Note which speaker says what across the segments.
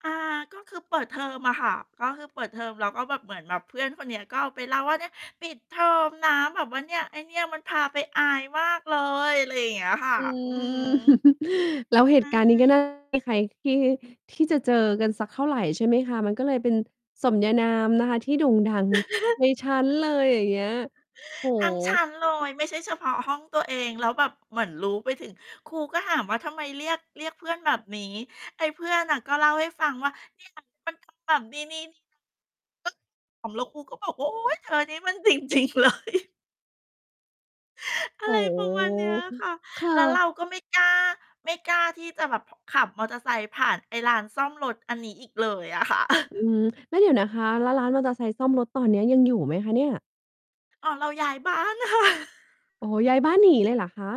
Speaker 1: อ่า ก็คือเปิดเทอมอะค่ะ ก็คือเปิดเทอม แล้วก็แบบเหมือนแบบเพื่อนคนเนี้ย ก็เอาไปเล่าว่า "เนี่ย ปิดเทอมนะแบบว่าเนี่ย ไอ้เนี่ยมันพาไปอายมากเลย" อะไรอย่างเงี้ยค่ะ
Speaker 2: อื
Speaker 1: อือฮึ
Speaker 2: ม แล้ว
Speaker 1: ใ
Speaker 2: เ
Speaker 1: ช
Speaker 2: หตุการณ์นี้ก็
Speaker 1: ่
Speaker 2: น่า [unintelligible] ให้ใครที่ ที่จะเจอกันสักเท่าไร ใช่ไหมคะ มันก็เลยเป็นสมญานามนะคะ ที่โด่งดังในชั้นเลย อย่างเงี้ย โอ้โ
Speaker 1: ทั้งชั้นเลย
Speaker 2: ฮ
Speaker 1: ไม่ใช่เฉพาะห้องตัวเอง แล้วแบบเหมือนรู้ไปถึง ครูก็ถามว่า "ทำไมเรียก เรียกเพื่อนแบบนี้?" ไอ้เพื่อนน่ะ ก็เล่าให้ฟังว่า "เนี่ยนะ มันทำแบบนี้ ๆ ๆ นะ" ก็ ขำ แล้วครูก็บอกว่า "โอ๊ย เธออันนี้มัน จริง ๆ เลย" อ
Speaker 2: โ
Speaker 1: ะ
Speaker 2: อ้
Speaker 1: ไร
Speaker 2: โฮ
Speaker 1: ประมาณเนี้ยค่ะ
Speaker 2: ค่
Speaker 1: แล้ว
Speaker 2: ะ
Speaker 1: เราก็ไม่กล้า ไม่กล้าที่จะแบบ ผ ขับมอเตอร์ไซค์ผ่านไอ้ร้านซ่อมรถอันนี้อีกเลยอะค่ะ
Speaker 2: อืม แล้วเดี๋ยวนะคะ แล้วร้านมอเตอร์ไซค์ซ่อมรถ ตอนเนี้ย ยังอยู่ไหมคะเนี่ย?
Speaker 1: อ่อ เราย้ายบ้าน ค่ะ
Speaker 2: โอ้โฮ ย้ายบ้านหนีเลยเหรอคะ?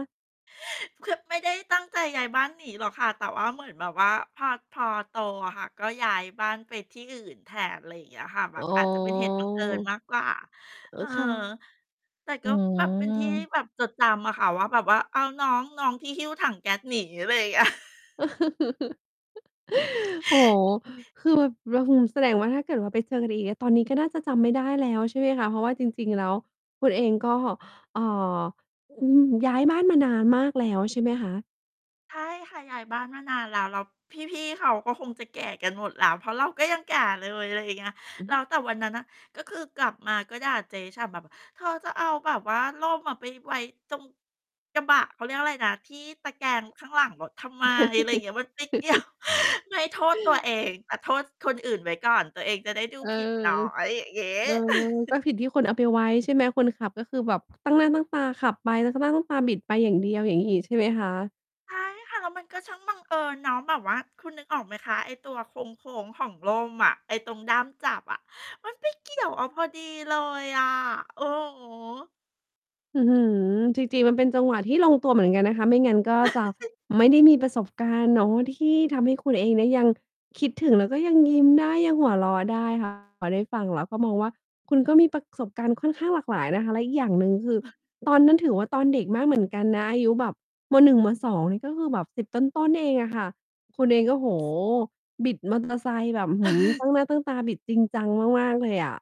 Speaker 1: คือไม่ได้ตั้งใจย้ายบ้านหนีหรอกค่ะ แต่ว่าเหมือนแบบว่าพอ พอโตอะค่ะ ก็ย้ายบ้านไปที่อื่นแทน อะไรอย่างเงี้ยค่ะ แบ
Speaker 2: อ๋
Speaker 1: บ
Speaker 2: อ
Speaker 1: อาจจะเป็นเหตุบังเอิญมากกว่า
Speaker 2: เอ
Speaker 1: เ
Speaker 2: อ
Speaker 1: ออ
Speaker 2: ค่ะ
Speaker 1: แต่ก
Speaker 2: อื
Speaker 1: ็แบบเป็นที่
Speaker 2: ม
Speaker 1: แบบจดจำอะค่ะว่า แบบว่า "อ้าว น้อง น้องที่หิ้วถังแก๊สหนี" อะไรอย่าง เงี้ย
Speaker 2: โอ้โฮ คือแบบ อื้อฮือ แสดงว่าถ้าเกิดว่าไปเจอกันอีกอะ ตอนนี้ก็น่าจะจำไม่ได้แล้ว ใช่ไหมคะ เพราะว่าจริง ๆ แล้วคุณเองก็ เอ่อ อืม ย้ายบ้านมานานมากแล้วใช่ไหมคะ?
Speaker 1: ใช่ค่ะ ย้ายบ้านมานานแล้ว แล้วพี่ ๆ เขาก็คงจะแก่กันหมดแล้ว เพราะเราก็ยังแก่เลย อะไรอย่างเงี้ย
Speaker 2: อือ
Speaker 1: แล
Speaker 2: ฮ
Speaker 1: ้
Speaker 2: ึ
Speaker 1: ว แต่วันนั้นน่ะ ก็คือกลับมาก็ด่าเจ๊ฉ่ำแบบอะ "เธอจะเอาแบบว่าร่มอะไปไว้ตรง กระบะ เขาเรียกว่าไรนะ ที่ตะแกรงข้างหลังรถทำไม?" อะไรเงี้ย มันไป เกี่ยว ไม่โทษตัวเอง แต่โทษคนอื่นไว้ก่อน ตัวเองจะได้ดู
Speaker 2: เออ
Speaker 1: ผิดน้อย งี้
Speaker 2: เออ ก็ผิดที่คนเอาไปไว้ ใช่ไหม คนขับก็คือแบบ ตั้งหน้าตั้งตาขับไป แล้วตั้งหน้าตั้งตาบิดไปอย่างเดียว อย่างงี้อีกใช่ไหมคะ?
Speaker 1: ใช่ค่ะ แล้วมันก็ ช่างบังเอิญเนาะ แบบว่าคุณนึกออกไหมคะ? ไอ้ตัวโค้ง ๆ ของร่มอะ ไอ้ตรงด้ามจับอะ มันไปเกี่ยว เอาพอดีเลยอะ อือฮึ
Speaker 2: อื้อฮือ จริง ๆ มันเป็นจังหวะที่ลงตัวเหมือนกันนะคะ ไม่งั้นก็จะ ไม่ได้มีประสบการณ์ เนาะ ที่ทำให้คุณเองเนี่ย ยังคิดถึงแล้วก็ยังยิ้มได้ ยังหัวเราะได้ ค่ะ พอได้ฟังแล้วก็มองว่า คุณก็มีประสบการณ์ค่อนข้างหลากหลายนะคะ และอีกอย่างหนึ่ง ก็คือตอนนั้นถือว่า ตอนเด็กมากเหมือนกันนะ อายุแบบ ม. 1 ม. 2 นี่ก็คือแบบ 10 ต้น ๆ เองอะ ค่ะ คุณเองก็ โอ้โฮ บิด มอเตอร์ ไซค์แบบ อื้อฮือ ตั้งหน้าตั้งตาบิดจริงจังมาก ๆ เลยอะ